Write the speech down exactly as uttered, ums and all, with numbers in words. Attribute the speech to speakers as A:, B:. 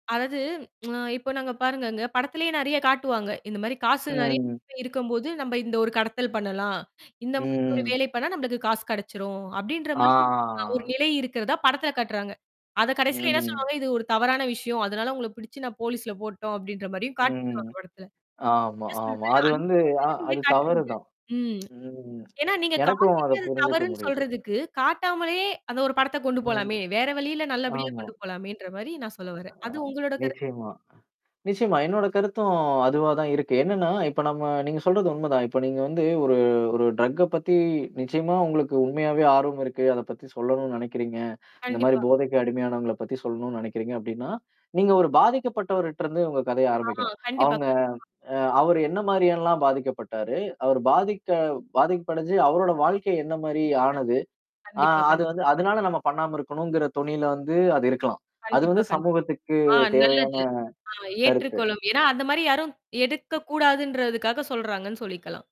A: அதாவது அ இப்போ நாங்க பாருங்கங்க படத்திலேயே நெறைய காட்டுவாங்க. இந்த மாரி காசு நெறைய
B: ம்.
A: [unintelligible] இருக்கும்போது நம்ம இந்த ஒரு கடத்தல் பண்ணலாம், இந்த மாரி ஒரு
B: ம்.
A: வேலை பண்ணா நம்மளுக்கு காசு கெடைச்சிரும், அப்படின்ற மாரி அ ஒரு
B: ஆ.
A: நிலை இருக்கிறதா படத்தில காட்டுறாங்க. அத கடைசில என்ன
B: ம்.
A: சொல்லுவாங்க, இது ஒரு தவறான விஷயம், அதனால உங்கள பிடிச்சு நான் போலீஸ்ல போட்டோம் அப்டின்ற மாரியும் காட்டிடுவாங்க
B: ம்.
A: அந்த படத்துல.
B: ஆமா,
A: என்ன
B: ஆமா.
A: சொல்றெனா
B: அது
A: அந்த
B: வந்து
A: மாரி
B: அ
A: [unintelligible] ஏன்
B: அது
A: காட்றீங்க?
B: தவறுதான்.
A: ம்.
B: ம்.
A: ஏன்னா, நீங்க
B: எனக்கும் அத
A: காட்டிட்டு அது
B: புரிஞ்சுக்க
A: தவறுன்னு
B: முடியுது.
A: சொல்றதுக்கு காட்டாமலே அந்த ஒரு படத்த கொண்டு
B: ம்.
A: போலாமே. வேற வழியில நல்லபடியா
B: ஆமா.
A: கொண்டு போலாமேன்ற மாரி நான் சொல்ல வர்றேன்.
B: அ,
A: அது உங்களோட கரு
B: நிச்சயமா. நிச்சயமா, என்னோட கருத்தும் அதுவா தான் இருக்கு. என்னன்னா, இப்ப நம்ம நீங்க சொல்றது உண்மதான். இப்ப நீங்க வந்து ஒரு ஒரு ட்ரக்க பத்தி நிச்சயமா உங்களுக்கு உண்மையாவே ஆர்வம் இருக்கு, அத பத்தி சொல்லணும்னு நினைக்கிறீங்க. இந்த மாரி
A: கண்டிப்பா.
B: போதைக்கு அடிமையானவங்கள பத்தி சொல்லணும்னு நினைக்கிறீங்க அப்படின்னா, நீங்க ஒரு பாதிக்கப்பட்டவரட்டருந்து உங்க கதைய
A: ஆ,
B: ஆரம்பிக்கணும்.
A: கண்டிப்பா,
B: அவங்க
A: கண்டிப்பா.
B: அ அவரு என்ன மாரியலாம் பாதிக்கப்பட்டாரு? அவர் பாதிக்க பாதிக்கப்படுஞ்சு அவரோட வாழ்க்கை என்ன மாரி
A: கண்டி
B: ஆனது? ஆ
A: கண்டிப்பா,
B: அது
A: கண்டிப்
B: வந்து அதனால நம்ம பண்ணாம இருக்கணுங்கிற தொணியில வந்து அது இருக்கலாம். அது
A: கண்டிப்பா,
B: வந்து
A: கண்டிப்பா.
B: சமூகத்துக்கு
A: ஆ
B: தேவையான
A: நல்லது. ஆ
B: கருத்து.
A: ஏற்றுக்கொள்ளும். ஏன்னா, அந்த மாரி யாரும் எடுக்கக்கூடாதுன்றதுக்காக சொல்றாங்கன்னு சொல்லிக்கலாம்.